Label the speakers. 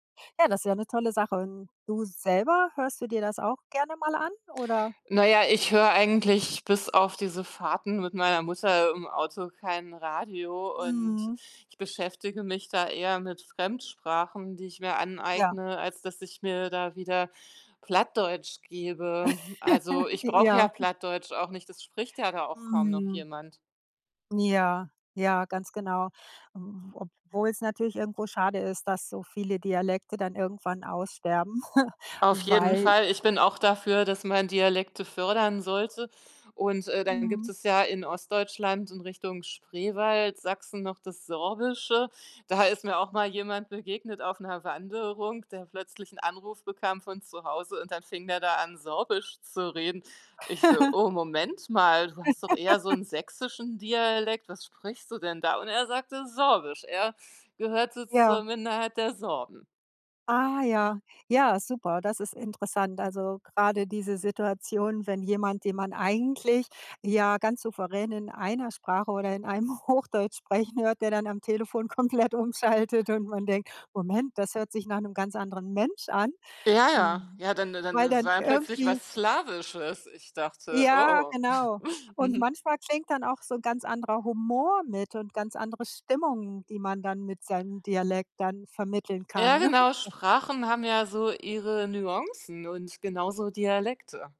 Speaker 1: Ja, das ja 'ne tolle Sache. Und du selber, hörst du dir das auch gerne mal an, oder?
Speaker 2: Na ja, ich höre eigentlich, bis auf diese Fahrten mit meiner Mutter, im Auto kein Radio und
Speaker 1: Mhm.
Speaker 2: ich beschäftige mich da eher mit Fremdsprachen, die ich mir
Speaker 1: Ja.
Speaker 2: aneigne, als dass ich mir da wieder Plattdeutsch gebe. Also, ich
Speaker 1: J
Speaker 2: brauche ja
Speaker 1: ja.
Speaker 2: Plattdeutsch auch nicht, es spricht ja da auch kaum noch
Speaker 1: Mhm.
Speaker 2: jemand.
Speaker 1: Ja, ja, ganz genau. M obwohl's natürlich irgendwo schade ist, dass so viele Dialekte dann irgendwann aussterben,
Speaker 2: Auf jeden
Speaker 1: weil
Speaker 2: Fall. Ich bin auch dafür, dass man Dialekte fördern sollte und, äh, dann gibt
Speaker 1: Mhm.
Speaker 2: es ja in Ostdeutschland in Richtung Spreewald, Sachsen noch das Sorbische, da ist mir auch mal jemand begegnet auf 'ner Wanderung, der plötzlich 'n Anruf bekam von zu Hause und dann fing der da an, Sorbisch zu reden. Ich so: „Oh, Moment mal, du hast doch eher so 'n sächsischen Dialekt, was sprichst du denn da?“ Und er sagte, „Sorbisch.“ Er gehörte
Speaker 1: Ja.
Speaker 2: zur Minderheit der Sorben.
Speaker 1: Ah ja. Ja, super, das ist interessant. Also, grade diese Situation, wenn jemand, den man eigentlich ja ganz souverän in einer Sprache oder in einem Hochdeutsch sprechen hört, der dann am Telefon komplett umschaltet und man denkt: „Moment, das hört sich nach 'nem ganz anderen Mensch an.“
Speaker 2: Ja,
Speaker 1: W
Speaker 2: ja, ja, dann dann
Speaker 1: weil
Speaker 2: es
Speaker 1: dann
Speaker 2: war dann plötzlich
Speaker 1: irgendwie
Speaker 2: was Slawisches. Ich dachte:
Speaker 1: Ja,
Speaker 2: „Oh."
Speaker 1: genau. Und
Speaker 2: Mhm.
Speaker 1: manchmal klingt dann auch so ganz anderer Humor mit und ganz andere Stimmung, die man dann mit seinem Dialekt dann vermitteln kann,
Speaker 2: Ja,
Speaker 1: ne?
Speaker 2: genau, Sprachen haben ja so ihre Nuancen und genauso Dialekte.